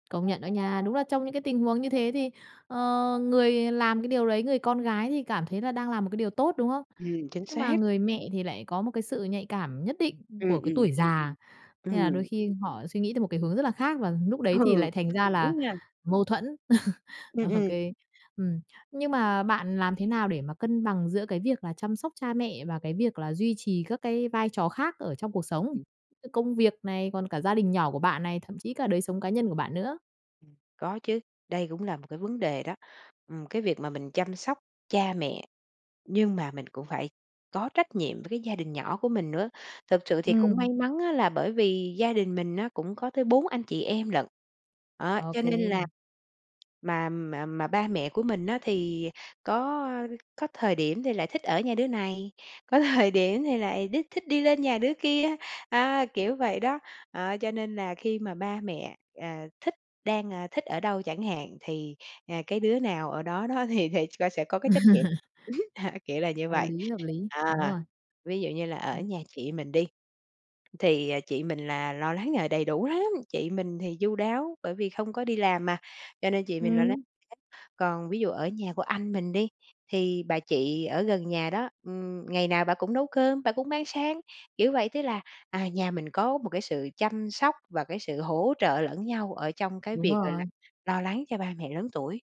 Công nhận đó nha. Đúng là trong những cái tình huống như thế thì, ờ, người làm cái điều đấy, người con gái thì cảm thấy là đang làm một cái điều tốt, đúng không? Ừm, chính Nhưng mà xác. người mẹ thì lại có một cái sự nhạy cảm nhất định Ừm, của cái ừm. tuổi già, nên là đôi Ừm. khi họ suy nghĩ tới một cái hướng rất là khác, và lúc đấy Ừ, thì lại thành ra là đúng nha. mâu thuẫn. Ừm, Ô ừm. kê, ừm, nhưng mà bạn làm thế nào để mà cân bằng giữa cái việc là chăm sóc cha mẹ, và cái việc là duy trì các cái vai trò khác ở trong cuộc sống? Ừm. Công việc này, còn cả gia đình nhỏ của bạn này, thậm chí cả đời sống cá nhân của bạn nữa. Ừm, có chứ, đây cũng là một cái vấn đề đó. Ừm, cái việc mà mình chăm sóc cha mẹ, nhưng mà mình cũng phải có trách nhiệm với cái gia đình nhỏ của mình nữa. Thực sự thì cũng may Ừm. mắn á, là bởi vì gia đình mình á cũng có tới 4 anh chị em lận, đó, Ô cho kê. nên là mà mà mà ba mẹ của mình á, thì có có thời điểm thì lại thích ở nhà đứa này, có thời điểm thì lại đích thích đi lên nhà đứa kia, à, kiểu vậy đó. Ờ, cho nên là khi mà ba mẹ, ờ, thích đang, a, thích ở đâu chẳng hạn, thì, à, cái đứa nào ở đó đó thì thì coi sẽ có cái trách nhiệm, ưm, kiểu là như Hợp vậy. lý, hợp lý, đúng À, rồi. ví dụ như là ở nhà chị mình đi, thì, ờ, chị mình là lo lắng, à, đầy đủ lắm, chị mình thì chu đáo, bởi vì không có đi làm mà, cho nên chị mình lo lắng Ừm. [unintelligible] còn ví dụ ở nhà của anh mình đi, thì bà chị ở gần nhà đó, ưm, ngày nào bả cũng nấu cơm, bả cũng mang sang, kiểu vậy, tức là, à, nhà mình có một cái sự chăm sóc, và cái sự hỗ trợ lẫn nhau ở trong cái Đúng việc, gọi là, rồi. lo lắng cho ba mẹ lớn tuổi.